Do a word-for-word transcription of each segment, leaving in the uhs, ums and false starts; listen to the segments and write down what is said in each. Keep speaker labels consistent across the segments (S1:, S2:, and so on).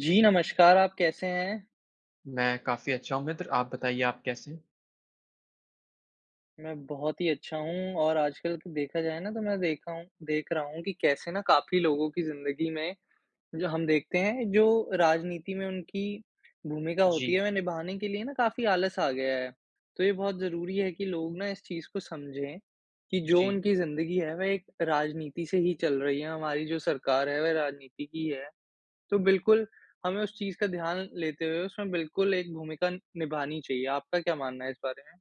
S1: जी नमस्कार आप कैसे हैं?
S2: मैं काफ़ी अच्छा हूँ मित्र, आप बताइए आप कैसे हैं?
S1: मैं बहुत ही अच्छा हूँ और आजकल कि देखा जाए ना तो मैं देखा हूँ देख रहा हूँ कि कैसे ना काफ़ी लोगों की जिंदगी में जो हम देखते हैं जो राजनीति में उनकी भूमिका होती
S2: जी।
S1: है वह निभाने के लिए ना काफ़ी आलस आ गया है। तो ये बहुत ज़रूरी है कि लोग ना इस चीज़ को समझें कि जो
S2: जी।
S1: उनकी जिंदगी है वे एक राजनीति से ही चल रही है, हमारी जो सरकार है वह राजनीति की है। तो बिल्कुल हमें उस चीज़ का ध्यान लेते हुए उसमें बिल्कुल एक भूमिका निभानी चाहिए। आपका क्या मानना है इस बारे में?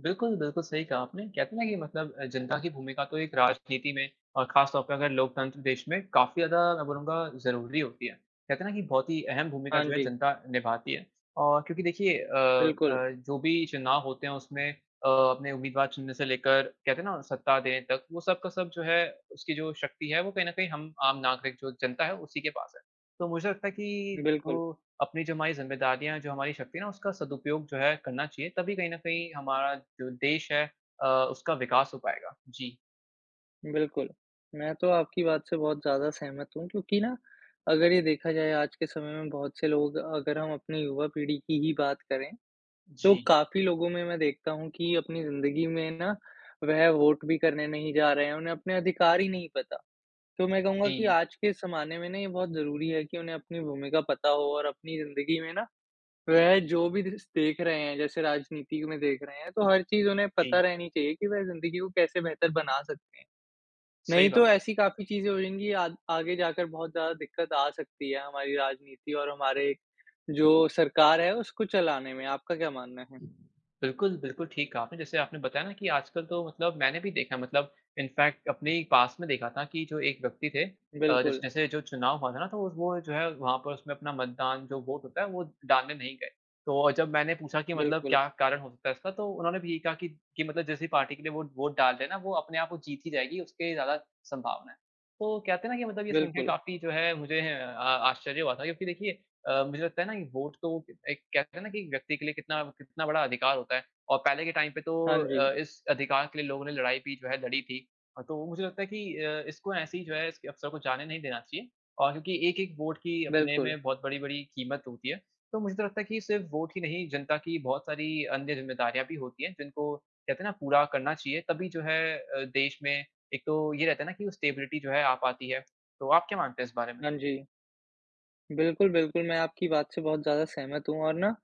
S2: बिल्कुल, बिल्कुल सही कहा आपने। कहते हैं ना कि मतलब अ, जनता की भूमिका तो एक राजनीति में और खास तौर पे अगर लोकतंत्र देश में काफ़ी ज़्यादा मैं बोलूँगा ज़रूरी होती है। कहते है ना कि बहुत ही अहम भूमिका
S1: हाँ
S2: जो है
S1: जी।
S2: जनता निभाती है। और क्योंकि देखिए अ
S1: बिल्कुल।
S2: अ, जो भी चुनाव होते हैं उसमें अ, अपने उम्मीदवार चुनने से लेकर कहते है ना सत्ता देने तक, वो सब का सब जो है उसकी जो शक्ति है वो कहीं न कहीं हम आम नागरिक जो जनता है उसी के पास है। तो मुझे लगता है कि वो
S1: बिल्कुल।
S2: अपनी जो हमारी जिम्मेदारियाँ हैं, जो हमारी शक्ति है ना उसका सदुपयोग जो है करना चाहिए तभी कहीं न कहीं हमारा जो देश है अ, उसका विकास हो पायेगा। जी।
S1: बिल्कुल। मैं तो आपकी बात से बहुत ज़्यादा सहमत हूँ क्योंकि ना अगर ये देखा जाए आज के समय में बहुत से लोग अगर हम अपनी युवा पीढ़ी की ही बात करें तो
S2: जी।
S1: काफ़ी लोगों में मैं देखता हूँ की अपनी ज़िन्दगी में ना वह वोट भी करने नहीं जा रहे हैं, उन्हें अपने अधिकार ही नहीं पता। तो मैं कहूँगा कि
S2: जी।
S1: आज के ज़माने में ना ये बहुत ज़रूरी है कि उन्हें अपनी भूमिका पता हो और अपनी ज़िन्दगी में ना वह जो भी दिस देख रहे हैं जैसे राजनीति में देख रहे हैं तो हर चीज़ उन्हें पता
S2: जी।
S1: रहनी चाहिए की वह ज़िन्दगी को कैसे बेहतर बना सकते हैं।
S2: सही
S1: नहीं तो
S2: बात है।
S1: ऐसी काफ़ी चीज़े हो जाएँगी आग आगे जाकर बहुत ज़्यादा दिक्कत आ सकती है हमारी राजनीति और हमारे जो सरकार है उसको चलाने में। आपका क्या मानना है?
S2: बिल्कुल, बिल्कुल ठीक कहा आपने। जैसे आपने बताया ना कि आजकल तो मतलब मैंने भी देखा है मतलब इनफ़ेेक्ट अपने ही पास में देखा था की जो एक व्यक्ति थे अ, जैस
S1: बिल्कुल।
S2: जैसे जो चुनाव हुआ था ना तो वो वो जो है वहाँ पर उसमे अपना मतदान जो वोट होता है वो डालने नहीं गए। तो अ, जब मैंने पूछा कि मतलब
S1: बिल्कुल।
S2: क्या कारण हो सकता है इसका? तो उन्होंने भी यही कहा कि मतलब जिस पार्टी के लिए वोट डाल दें ना वो अपने आप जीत ही जाएगी, उसकी ज़्यादा सँभावना है। तो कहते है ना कि मतलब ये सुन के
S1: बिल्कुल।
S2: काफ़ी जो है मुझे अ आश्चर्य हुआ था क्योंकि देखिए अ, मुझे लगता है ना कि वोट तो एक कहते हैं ना कि व्यक्ति के लिए कितना कितना बड़ा अधिकार होता है। और पहले के टाइम पे तो
S1: हाँ
S2: अ,
S1: जी।
S2: इस अधिकार के लिए लोगों ने लड़ाई भी जो है लड़ी थी। तो मुझे लगता है कि अ, इसको ऐसी जो है इस अवसर को जाने नहीं देना चाहिए। और क्योंकि एक एक वोट की अपने
S1: बिल्कुल।
S2: में बहुत बड़ी-बड़ी कीमत होती है। तो मुझे तो लगता है कि सिर्फ़ वोट ही नहीं जनता की बहुत सारी अन्य जिम्मेदारियाँ भी होती हैं जिनको कहते हैं ना पूरा करना चाहिए तभी जो है अ, देश में एक तो ये रहता है ना कि स्टेबिलिटी जो है आ पाती है। तो आप क्या मानते हैं इस बारे में?
S1: हाँ जी। बिल्कुल, बिल्कुल मैं आपकी बात से बहुत ज़्यादा सहमत हूँ और ना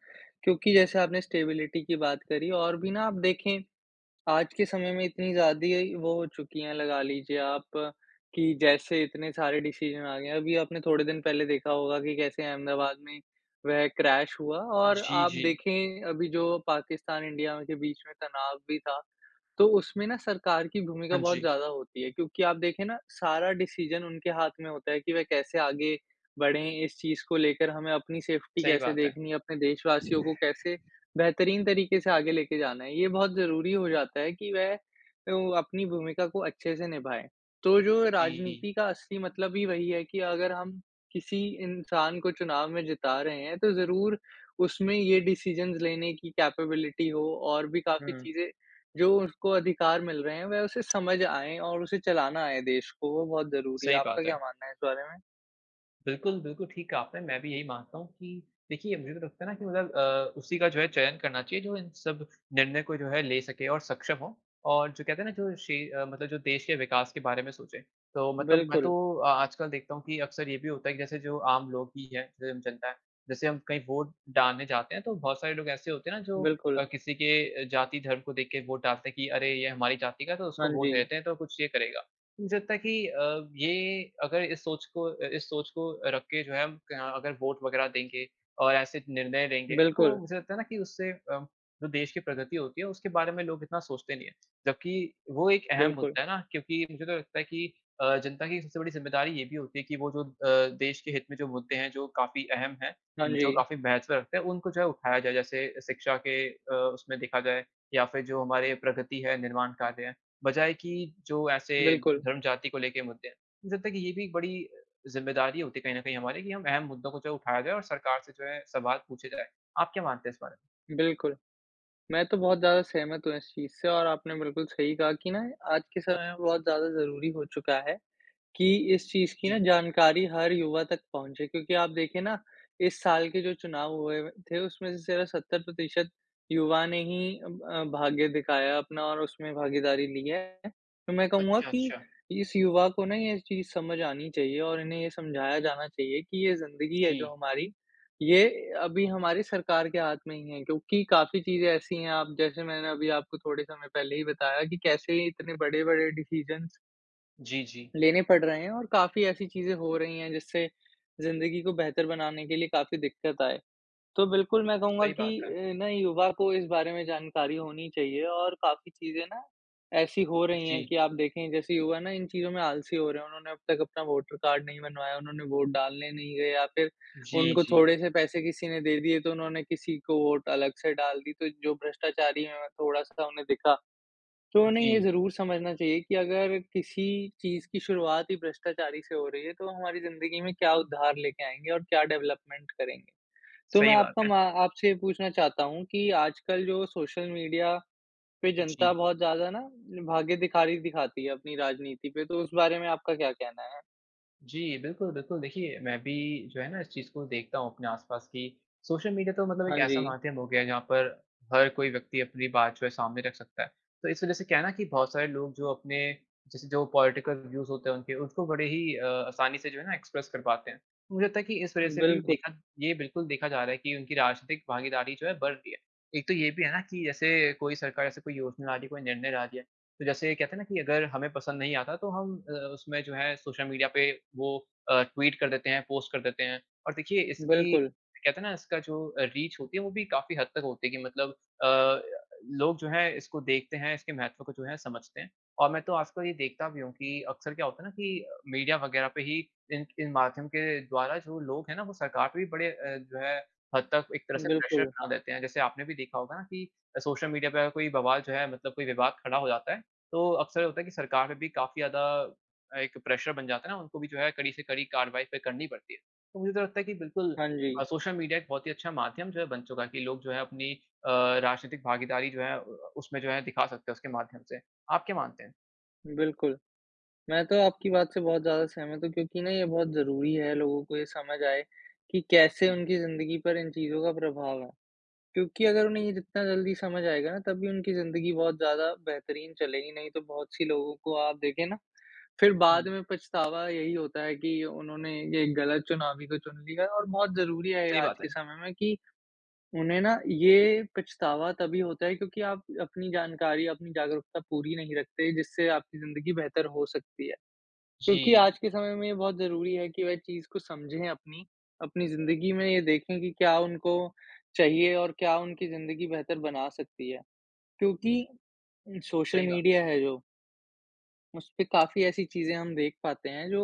S1: क्योंकि जैसे आपने स्टेबिलिटी की बात करी और भी ना आप देखें आज के समय में इतनी ज़्यादी वो हो चुकी हैं लगा लिजिए आप कि जैसे इतने सारे डिसीजन आ गए हैं। अभी आपने थोड़े दिन पहले देखा होगा कि कैसे अहमदाबाद में वह क्रैश हुआ। और
S2: जी,
S1: आप
S2: जी।
S1: देखें अभी जो पाकिस्तान इंडिया के बीच में तनाव भी था। तो उसमें ना सरकार की भूमिका
S2: हाँ
S1: बहुत
S2: जी।
S1: ज़्यादा होती है क्योंकि आप देखें ना सारा डिसीजन उनके हाथ में होता है कि वे कैसे आगे बढ़ें इस चीज़ को लेकर? हमें अपनी सेफ़्टी
S2: सही
S1: कैसे
S2: बात है।
S1: देखनी है? अपने देशवासियों को कैसे बेहतरीन तरीके से आगे लेके जाना है? ये बहुत ज़रूरी हो जाता है कि वह ओ अपनी भूमिका को अच्छे से निभाएँ। तो जो
S2: जी।
S1: राजनीति का असली मतलब ही वही है कि अगर हम किसी इंसान को चुनाव में जिता रहे हैं तो ज़रूर उसमें ये डिसीजंस लेने की कैपेबिलिटी हो और भी काफ़ी
S2: हुँ।
S1: चीज़ें जो उसको अधिकार मिल रहे हैं वह उसे समझ आएँ और उसे चलाना आए देश को, वो बहुत ज़रूरी है।
S2: सही
S1: आपका
S2: बात
S1: क्या
S2: है।
S1: मानना है इस बारे में?
S2: बिल्कुल बिल्कुल ठीक कहा आपने, मैं भी यही मानता हूँ कि देखिए मुझे तो लगता है ना कि मतलब अ, उसी का जो है चयन करना चाहिए जो इन सब निर्णय को जो है ले सके और सक्षम हो और जो कहते है ना जो शे मतलब जो देश के विकास के बारे में सोचे। तो मतलब मैं तो
S1: बिल्कुल।
S2: आ आजकल देखता हूँ कि अक्सर ये भी होता है कि जैसे जो आम लोग भी है, स्वयं जनता है, जैसे हम कहीं वोट डालने जाते है तो बहुत सारे लोग ऐसे होते हैं ना जो
S1: बिल्कुल।
S2: अ, किसी के जाति, धर्म को देख के वोट डालते हैं कि अरे ये हमारी जाति का है, तो उसको
S1: हाँ
S2: वोट
S1: जी।
S2: देते हैं तो कुछ ये करेगा। मुझे लगता है कि अ, ये अगर इस सोच को अ, इस सोच को रख के जो है हम क अगर वोट वगैरह देंगे और ऐसे निर्णय देंगे, तो
S1: बिल्कुल।
S2: मुझे लगता है ना कि उससे जो देश की प्रगति होती है, उसके बारे में लोग इतना सोचते नहीं है। जबकि वो एक अहम
S1: बिल्कुल।
S2: मुद्दा है ना क्योंकि मुझे तो लगता है कि अ, जनता की सबसे बड़ी ज़िम्मेदारी ये भी होती है कि वो जो अ, देश के हित में जो मुद्दे हैं जो काफ़ी अहम हैं,
S1: हाँ
S2: जो
S1: जी।
S2: काफ़ी महत्व रखते हैं, उनको जो है उठाया जाए, जैसे शिक्षा के अ, उसमें देखा जाए या फिर जो हमारे प्रगति है निर्माण कार्य है, बजाय कि जो ऐसे
S1: बिल्कुल।
S2: धर्म जाति को लेके मुद्दे हैं। मुझे लगता है कि ये भी एक बड़ी ज़िम्मेदारी होती है कहीं न कहीं हमारी कि हम अहम मुद्दों को उठाया जाए और सरकार से जो है सवाल पूछे जाए। आप क्या मानते हैं इस बारे में?
S1: बिल्कुल। मैं तो बहुत ज़्यादा सहमत हूँ इस चीज़ से और आपने बिल्कुल सही कहा कि ना आज के समय में बहुत ज़्यादा ज़रूरी हो चुका है कि इस चीज़ की ना
S2: जी।
S1: जानकारी हर युवा तक पहुँचे क्योंकि आप देखिए ना इस साल के जो चुनाव हुए व थे उसमें से सत्तर प्रतिशत युवा ने ही अब अ, भाग्य दिखाया अपना और उसमें भागीदारी ली है। तो मैं कहूँगा
S2: अच्छा,
S1: कि
S2: अच्छा।
S1: इस युवा को ना ये चीज़ समझ आनी चाहिए और इन्हें ये समझाया जाना चाहिए कि ये ज़िंदगी है जो
S2: जी।
S1: हमारी ये अभी हमारी सरकार के हाथ में ही है क्योंकि काफ़ी चीज़ें ऐसी है आप जैसे मैंने अभी आपको थोड़े समय पहले ही बताया कि कैसे इतने बड़े-बड़े डिसीजंस
S2: जी, जी।
S1: लेने पड़ रहे हैं और काफ़ी ऐसी चीज़ें हो रही हैं, जिससे जिंदगी को बेहतर बनाने के लिए काफ़ी दिक्कत आए। तो बिल्कुल, मैं कहूँगा
S2: सही बात
S1: कि
S2: है।
S1: अ, नए युवा को इस बारे में जानकारी होनी चाहिए और काफ़ी चीज़ें ना, ऐसी हो रही हैं
S2: जी।
S1: कि आप देखें, जैसे युवा ना इन चीज़ों में आलसी हो रहे हैं। उन्होंने अब तक अपना वोटर कार्ड नहीं बनवाया, उन्होंने वोट डालने नहीं गए या फिर
S2: जी,
S1: उनको
S2: जी।
S1: थोड़े-से पैसे किसी ने दे दिए, तो उन्होंने किसी को वोट अलग से डाल दी। तो जो भ्रष्टाचारी हैं थोड़ा-सा, उन्हें दिखा। तो उन्हें ये
S2: जी।
S1: ज़रूर समझना चाहिए कि अगर किसी चीज़ की शुरुआत ही भ्रष्टाचारी से हो रही है, तो हमारी ज़िंदगी में क्या उद्धार लेके आएँगे और क्या डेवलपमेंट करेंगे? तो मैं
S2: सही बात
S1: आपका
S2: है।
S1: मा आपसे ये पूछना चाहता हूँ कि आजकल जो सोशल मीडिया पे जनता
S2: जी।
S1: बहुत ज़्यादा ना, अपनी भागेदिखारी दिखाती है अपनी राजनीति पे, तो उस बारे में आपका क्या कहना है?
S2: जी, बिल्कुल, बिल्कुल। देखिए, मैं भी जो है ना, इस चीज़ को देखता हूँ अपने आस-पास कि सोशल मीडिया तो मतलब
S1: हाँ
S2: एक ऐसा
S1: जी।
S2: माध्यम हो गया है, जहाँ पर हर कोई व्यक्ति अपनी बात जो है, सामने रख सकता है। तो इस वजह से क्या है ना कि बहुत सारे लोग जो अपने, जैसे जो पॉलिटिकल व्यूज़ होते हैं उनके, उसको बड़े ही अ, आसानी से जो है ना, एक्सप्रेस कर पाते हैं। मुझे लगता है कि इस वजह से भी
S1: बिल्कुल।
S2: देखा ये बिल्कुल देखा जा रहा है कि उनकी राजनीतिक भागीदारी जो है, बढ़ रही है। एक तो ये भी है ना कि जैसे कोई सरकार ऐसे कोई योजना ला रही है, कोई निर्णय ला रही है, तो जैसे कहते हैं ना कि अगर हमें पसंद नहीं आता, तो हम अ, उसमें जो है, सोशल मीडिया पे वो अ, ट्वीट कर देते हैं, पोस्ट कर देते हैं, और देखिए, इसकी
S1: बिल्कुल।
S2: कहते हैं ना, इसका जो अ, रीच होती है, वो भी काफ़ी हद तक होती है कि मतलब अ, लोग जो हैं, इसको देखते हैं, इसके महत्व को जो है समझते हैं और मैं तो आजकल ये देखता भी हूँ कि अक्सर क्या होता है ना कि मीडिया वग़ैरह पे ही इन इन माध्यम के द्वारा जो लोग हैं ना, वो सरकार पे भी बड़े अ, जो है, हद तक एक तरह से प्रेशर
S1: बिल्कुल।
S2: बना देते हैं। जैसे आपने भी देखा होगा ना कि सोशल मीडिया पे अगर कोई बवाल जो है, मतलब कोई विवाद खड़ा हो जाता है, तो अक्सर होता है कि सरकार में भी काफ़ी ज़्यादा एक प्रेशर बन जाता है ना, उनको भी जो है, कड़ी से कड़ी कार्यवाही फिर करनी पड़ती है। तो मुझे तो लगता है कि बिल्कुल
S1: हाँ जी।
S2: अ, सोशल मीडिया एक बहुत ही अच्छा माध्यम जो है, बन चुका है कि लोग जो हैं, अपनी अ, राजनीतिक भागीदारी जो है अ अ, उसमें जो है, दिखा सकते हैं उसके माध्यम से। आप क्या मानते हैं?
S1: बिल्कुल। मैं तो आपकी बात से बहुत ज़्यादा सहमत हूँ क्योंकि ना ये बहुत ज़रूरी है लोगों को ये समझ आए कि कैसे
S2: जी।
S1: उनकी ज़िंदगी पर इन चीज़ों का प्रभाव है। क्योंकि अगर उन्हें ये जितना जल्दी समझ आएगा ना तभी उनकी ज़िंदगी बहुत ज़्यादा बेहतरीन चलेगी नहीं तो बहुत सी लोगों को आप देखे ना फिर
S2: हुँ।
S1: बाद में पछतावा यही होता है कि उन्होंने ये गलत चुनावी को चुन लिया और बहुत ज़रूरी है ये
S2: सही
S1: आज
S2: बात
S1: के
S2: है।
S1: समय में कि, उन्हें ना ये पछतावा तभी होता है क्योंकि आप अपनी जानकारी, अपनी जागरूकता पूरी नहीं रखते, जिससे आपकी ज़िंदगी बेहतर हो सकती है क्योंकि
S2: जी।
S1: आज के समय में ये बहुत ज़रूरी है कि वह चीज़ को समझे अपनी, अपनी ज़िंदगी में ये देखें कि क्या उनको चाहिए और क्या उनकी ज़िंदगी बेहतर बना सकती है। क्योंकि सोशल
S2: सही बात है।
S1: मीडिया है जो उसपे काफ़ी ऐसी चीजें हम देख पाते हैं जो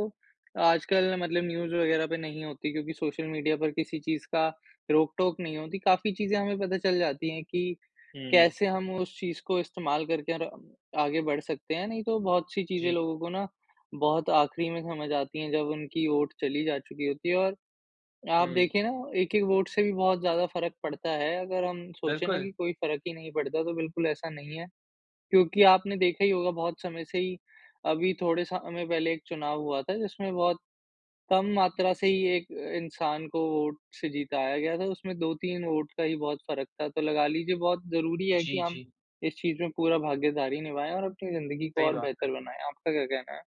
S1: आजकल मतलब न्यूज़ वग़ैरह पे नहीं होती क्योंकि सोशल मीडिया पर किसी चीज़ का रोक टोक नहीं होती, काफ़ी चीजें हमें पता चल जाती है कि
S2: हुँ।
S1: कैसे हम उस चीज़ को इस्तेमाल करके और आगे बढ़ सकते हैं, नहीं तो बहुत-सी चीजें
S2: जी।
S1: लोगों को ना बहुत आखरी में समझ आती हैं जब उनकी वोट चली जा चुकी होती है और आप
S2: हुँ।
S1: देखिए ना एक एक वोट से भी बहुत ज़्यादा फ़र्क पड़ता है, अगर हम सोचे ना
S2: बिल्कुल।
S1: कि कोई फ़र्क ही नहीं पड़ता तो बिल्कुल ऐसा नहीं है क्योंकि आपने देखा ही होगा बहुत समय से ही अभी थोड़े समय पहले एक चुनाव हुआ था, जिसमें बहुत कम मात्रा से ही एक इंसान को वोट से जीताया गया था उसमें दो तीन वोट का ही बहुत फ़र्क था, तो लगा लीजिए बहुत ज़रूरी है कि
S2: जी,
S1: हम
S2: जी।
S1: इस चीज़ में पूरा भागीदारी निभाएँ और अपनी ज़िंदगी को
S2: सही
S1: और
S2: बात है।
S1: बेहतर बनाएँ, आपका क्या कहना है?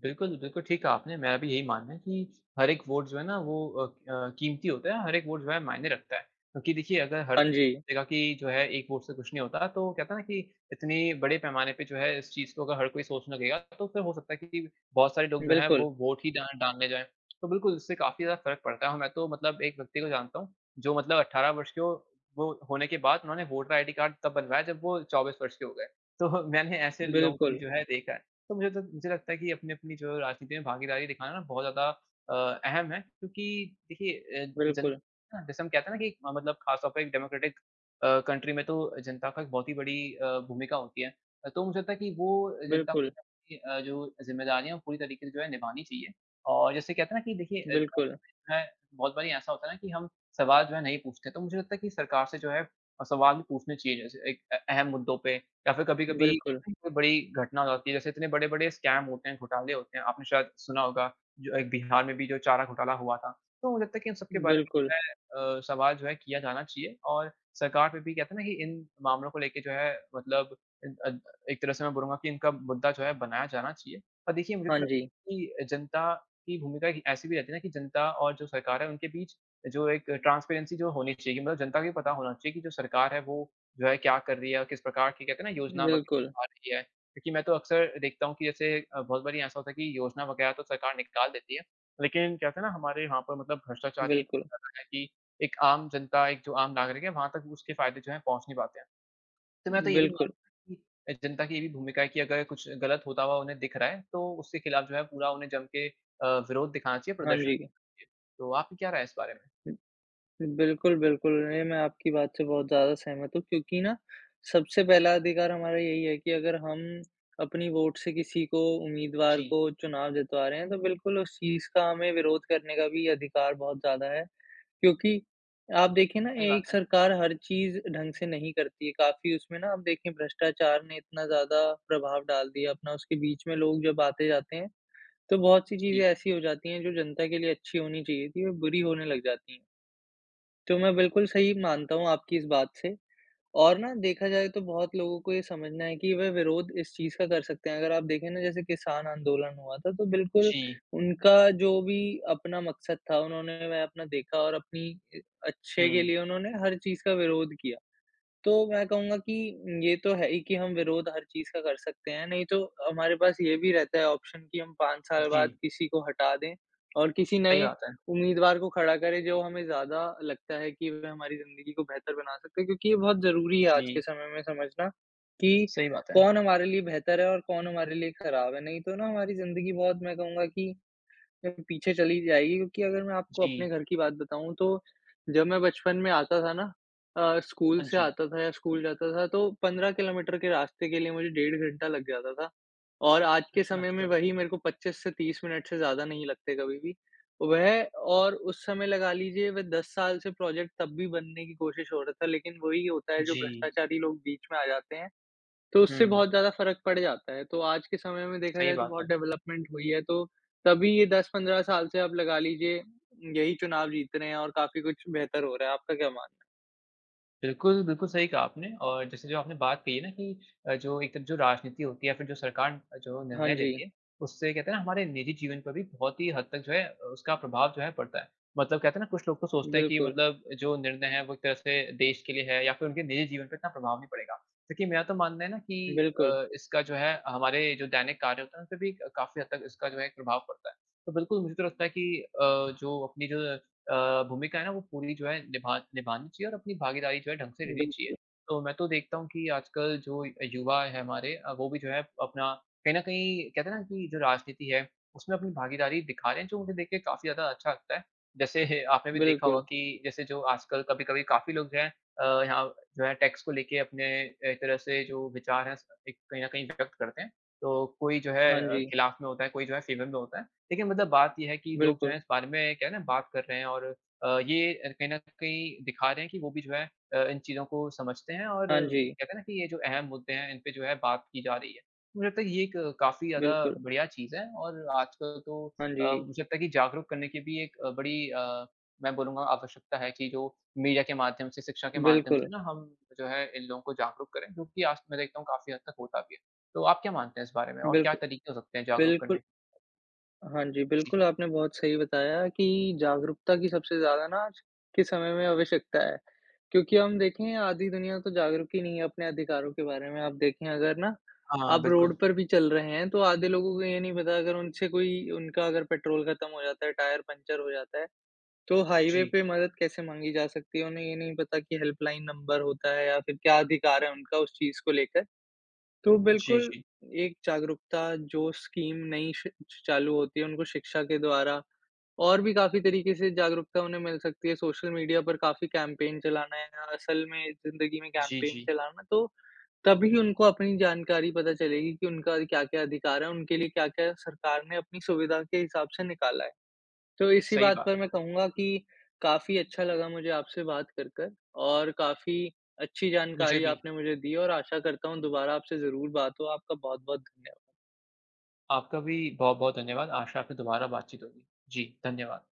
S2: बिल्कुल, बिल्कुल, ठीक कहा आपने मेरा भी यही मानना है कि हर एक वोट जो है ना वो अ अ, कीमती होता है, हर एक वोट जो है मायने रखता है। क्योंकि देखिये अगर हर
S1: हाँ जी।
S2: कहेगा कि जो है एक वोट से कुछ नहीं होता तो वो कहता है ना कि इतनी बड़े पैमाने पे जो है इस चीज को अगर हर कोई सोचने लगेगा तो फिर हो सकता है कि कि बहुत सारे लोग जो है
S1: बिल्कुल।
S2: वो वोट ही ना डालने जाये। तो बिल्कुल उससे काफ़ी ज़्यादा फ़र्क पड़ता है और मैं तो मतलब एक व्यक्ति को जानता हूँ जो मतलब अठारह वर्ष के हो वो होने के बाद उन्होंने वोटर आईडी कार्ड तब बनवाया जब वो चौबीस वर्ष के हो गए। तो मैंने ऐसे लोगों को भी
S1: बिल्कुल।
S2: जो है देखा है। तो मुझे तो मुझे लगता है कि अपनी-अपनी जो राजनीति में भागीदारी दिखाना बहुत ज़्यादा अ, अहम है क्योंकि देखिये अ, जन
S1: बिल्कुल।
S2: ना जैसे हम कहते हैं ना कि म मतलब खास तौर पर एक डेमोक्रेटिक अ, कंट्री में तो जनता का बहुत ही बड़ी अ, भूमिका होती है। अ, तो मुझे लगता है कि वो जनता
S1: बिल्कुल।
S2: [unintelligible] अ, जो जिम्मेदारियाँ पूरी तरीके से जो है निभानी चाहिए। और जैसे कहते है ना कि देखिए अ अ,
S1: बिल्कुल।
S2: इ है बहुत बारी ऐसा होता है ना कि हम सवाल जो है नहीं पूछते। तो मुझे लगता है कि सरकार से जो है अ, सवाल पूछने चाहिए जैसे एक अ अहम मुद्दों पे या फिर कभी-कभी
S1: बिल्कुल।
S2: कोई बड़ी घटना होती है जैसे इतने बड़े-बड़े स्कैम होते हैं, घोटाले होते हैं। आपने शायद सुना होगा जो एक बिहार में भी जो चारा घोटाला हुआ था तो मुझे लगता है की इन सब के बारे
S1: बिल्कुल।
S2: में मै अ, सवाल जो है किया जाना चाहिए। और सरकार पे भी कहते है ना कि इन मामलों को लेके जो है मतलब इद अद एक तरह से मैं बोलूँगा कि इनका मुद्दा जो है बनाया जाना चाहिए। पर देखिए मुझे
S1: हाँ
S2: तो
S1: जी।
S2: लगता है कि जनता की भूमिका एक ऐसी भी रहती है ना कि जनता और जो सरकार है उनके बीच जो एक ट्रांसपेरेंसी जो होनी चाहिए मतलब जनता को भी पता होना चाहिए की जो सरकार है वो जो है क्या कर रही है और किस प्रकार की कहते है ना योजना
S1: बिल्कुल।
S2: वग़ैरह आ रही है। क्योंकि मैं तो अक्सर देखता हूँ की जैसे अ, बहुत बारी ऐसा होता है कि योजना वग़ैरह तो सरकार निकाल देती है लेकिन कहते है ना हमारे वहाँ पर मतलब भ्रष्टाचारी
S1: बिल्कुल।
S2: [unintelligible] एक आम जनता एक जो आम नागरिक है वहाँ तक उसके फायदे जो है पहुँच नहीं पाते हैं। तो मैं तो ये भी
S1: बिल्कुल।
S2: मानता कि जनता की ये भी भूमिका है की अगर कुछ गलत होता हुआ उन्हें दिख रहा है तो उसके खिलाफ जो है पूरा उन्हें जम के अ, विरोध दिखाना चाहिए।
S1: हाँ
S2: प्रदर्शन क
S1: जी।
S2: इ तो आपकी क्या राय है इस बारे में?
S1: बिल्कुल, बिल्कुल। नहीं, मैं आपकी बात से बहुत ज़्यादा सहमत हूँ। क्योंकि ना सबसे पहला अधिकार हमारा यही है कि अगर हम अपनी वोट से किसी को उम्मीदवार
S2: जी।
S1: को चुनाव जितवा रहे हैं तो बिल्कुल उस चीज़ का हमें विरोध करने का भी अधिकार बहुत ज़्यादा है। क्योंकि आप देखिए ना
S2: सही बात
S1: एक
S2: है।
S1: सरकार हर चीज़ ढंग से नहीं करती है। काफ़ी उसमें ना आप देखिए भ्रष्टाचार ने इतना ज़्यादा प्रभाव डाल दिया अपना उसके बीच में लोग जब आते-जाते हैं तो बहुत-सी चीज़ें
S2: जी।
S1: ऐसी हो जाती है जो जनता के लिए अच्छी होनी चाहिए थी, बुरी होने लग जाती तो मैं बिल्कुल सही मानता हूँ आपकी इस बात से। और ना देखा जाए तो बहुत लोगों को ये समझना है कि वे विरोध इस चीज़ का कर सकते हैं अगर आप देखे ना जैसे किसान आंदोलन हुआ था तो बिल्कुल
S2: जी।
S1: उनका जो भी अपना मकसद था उन्होंने वह अपना देखा और अपनी अच्छे के
S2: हुँ।
S1: लिए उन्होंने हर चीज़ का विरोध किया। तो मैं कहूँगा कि ये तो है ही कि हम विरोध हर चीज़ का कर सकते हैं। नहीं तो हमारे पास ये भी रहता है ऑप्शन कि हम पाँच साल बाद
S2: जी।
S1: किसी को हटा दें और किसी
S2: सही
S1: नए
S2: बात है।
S1: उम्मीदवार को खड़ा करे जो हमें ज़्यादा लगता है कि वे हमारी जिंदगी को बेहतर बना सकते हैं। क्योंकि ये बहुत ज़रूरी है आज के
S2: जी।
S1: समय में समझना कि
S2: सही बात है।
S1: कौन हमारे लिए बेहतर है और कौन हमारे लिए खराब है नहीं तो ना हमारी जिंदगी बहुत मैं कहूँगा कि पीछे चली जाएगी। क्योंकि अगर मैं आपको अपने
S2: जी।
S1: घर की बात बताऊँ तो जब मैं बचपन में आता था ना अ, स्कूल
S2: हाँ
S1: से
S2: जी।
S1: आता था या स्कूल जाता था तो पंद्रह किलोमीटर के रास्ते के लिए मुझे डेढ़ घंटा लग जाता था और आज के
S2: अच्छा,
S1: समय में
S2: अच्छा।
S1: वही मेरे को पच्चीस से तीस मिनट से ज़्यादा नहीं लगते कभी भी। वह और उस समय लगा लीजिये वे दस साल से प्रोजेक्ट तब भी बनने की कोशिश हो रहा था लेकिन वही होता है जो
S2: जी।
S1: भ्रष्टाचारी लोग बीच में आ जाते हैं तो उससे
S2: हुँ।
S1: बहुत ज़्यादा फ़र्क पड जाता है। तो आज के समय में देखा
S2: सही
S1: जाये तो
S2: बात
S1: बहुत
S2: है।
S1: डेवलपमेंट हुई है तो तभी ये दस पन्द्रह साल से आप लगा लीजिये यही चुनाव जीत रहे हैं और काफ़ी कुछ बेहतर हो रहा है। आपका क्या मानना?
S2: बिल्कुल, बिल्कुल सही कहा आपने और जैसे जो आपने बात कही है ना कि अ, जो एक जो राजनीति होती है या फिर जो सरकार जो
S1: हाँ
S2: निर्णय लेती
S1: जी।
S2: है उससे कहते हैं ना हमारे निजी जीवन पर भी बहुत ही हद तक जो है अ, उसका प्रभाव जो है पड़ता है। मतलब कहते हैं ना कुछ लोग तो सोचते है की
S1: बिल्कुल।
S2: मतलब जो निर्णय है वो एक तरह से देश के लिए है या फिर उनके निजी जीवन पे इतना प्रभाव नहीं पड़ेगा क्योंकि मेरा तो मानना है ना कि
S1: बिल्कुल।
S2: अ, इसका जो है हमारे जो दैनिक कार्य होते हैं, उनपे भी क काफ़ी हद तक इसका जो है एक प्रभाव पड़ता है। तो बिल्कुल मुझे तो लगता है कि अ, जो अपनी जो अ, भूमिका है ना वो पूरी जो है निभा निभानी चाहिए और अपनी भागीदारी जो है ढंग से लेनी चाहिए,
S1: बिल्कुल।
S2: तो मैं तो देखता हूँ की आजकल जो युवा है हमारे अ, वो भी जो हैं अपना कहीं न कहीं कहते है ना कि जो राजनीति है उसमें अपनी भागीदारी दिखा रहे हैं जो मुझे देख के काफ़ी ज़्यादा अच्छा लगता है। जैसे आपने भी देखा होगा
S1: बिल्कुल।
S2: कि जैसे जो आजकल कभी-कभी काफ़ी लोग जो है अ, यहाँ जो है टैक्स को लेके अपने एक तरह से जो विचार है उसपे कहीं न कहीं व्यक्त करते हैं। तो कोई जो है
S1: हाँ
S2: अ,
S1: जी।
S2: ख़िलाफ़ में होता है कोई जो है फेवर में होता है, लेकिन मतलब बात ये है की लोग जो हैं
S1: बिल्कुल।
S2: इस बारे में क्या है ना बात कर रहे हैं और अ, ये कहीं न कहीं दिखा रहे हैं कि वो भी जो है अ, इन चीज़ों को समझते हैं और
S1: हाँ जी।
S2: कहते है ना कि ये जो अहम मुद्दे हैं, इन पे जो है बात की जा रही है, मुझे लगता है कि ये एक काफ़ी ज़्यादा
S1: बिल्कुल।
S2: बढ़िया चीज़ है और आजकल तो
S1: हाँ
S2: अ,
S1: जी।
S2: मुझे लगता है कि जागरूक करने की भी एक बड़ी अ, मैं बोलूँगा आवश्यकता है कि जो मीडिया के माध्यम से शिक्षा के माध्यम से
S1: बिल्कुल।
S2: ना हम जो है इन लोगों को जागरूक करें, क्योंकि आज मैं देखता हूँ काफ़ी हद तक होता भी है, तो आप क्या मानते हैं इस बारे में? और क्या
S1: बिल्कुल,
S2: तरीके हो सकते हैं जागरूक
S1: बिल्कुल।
S2: करने के?
S1: हाँ जी,
S2: जी।
S1: बिल्कुल आपने बहुत सही बताया कि जागरूकता की सबसे ज़्यादा ना आज के समय में आवश्यकता है। क्योंकि हम देखें आधी दुनिया तो जागरूक ही नहीं है अपने अधिकारों के बारे में, आप देखें अगर ना
S2: हाँ,
S1: आप
S2: बिल्कुल।
S1: रोड पर भी चल रहे हैं तो आधे लोगों को ये नहीं पता अगर उनसे कोई उनका अगर पेट्रोल खत्म हो जाता है टायर पंक्चर हो जाता है, तो हाईवे
S2: जी।
S1: पे मदद कैसे माँगी जा सकती है उन्हें ये नहीं पता की हेल्पलाइन नंबर होता है या फिर क्या अधिकार है उनका उस चीज़ को लेकर। तो
S2: जी,
S1: बिल्कुल
S2: जी।
S1: एक जागरूकता जो स्कीम नई श चालू होती है उनको शिक्षा के द्वारा और भी काफ़ी तरीके से जागरूकता उन्हें मिल सकती है, सोशल मीडिया पर काफ़ी कैंपेन चलाना है या असल में ज़िंदगी में
S2: जी,
S1: कैंपेन
S2: जी।
S1: चलाना है। तो तभी उनको अपनी जानकारी पता चलेगी की उनका क्या-क्या अधिकार है, उनके लिए क्या-क्या सरकार ने अपनी सुविधा के हिसाब से निकाला है, तो इसी
S2: सही
S1: बात
S2: बात
S1: पर
S2: है।
S1: मैं कहूँगा कि काफ़ी अच्छा लगा मुझे आपसे बात कर कर और काफ़ी अच्छी
S2: मुझे
S1: जानकारी
S2: भी।
S1: आपने मुझे दी और आशा करता हूँ दोबारा आपसे ज़रूर बात हो। आपका बहुत-बहुत धन्यवाद।
S2: आपका भी बहुत-बहुत धन्यवाद। आशा है आपसे दोबारा बातचीत होगी। जी धन्यवाद।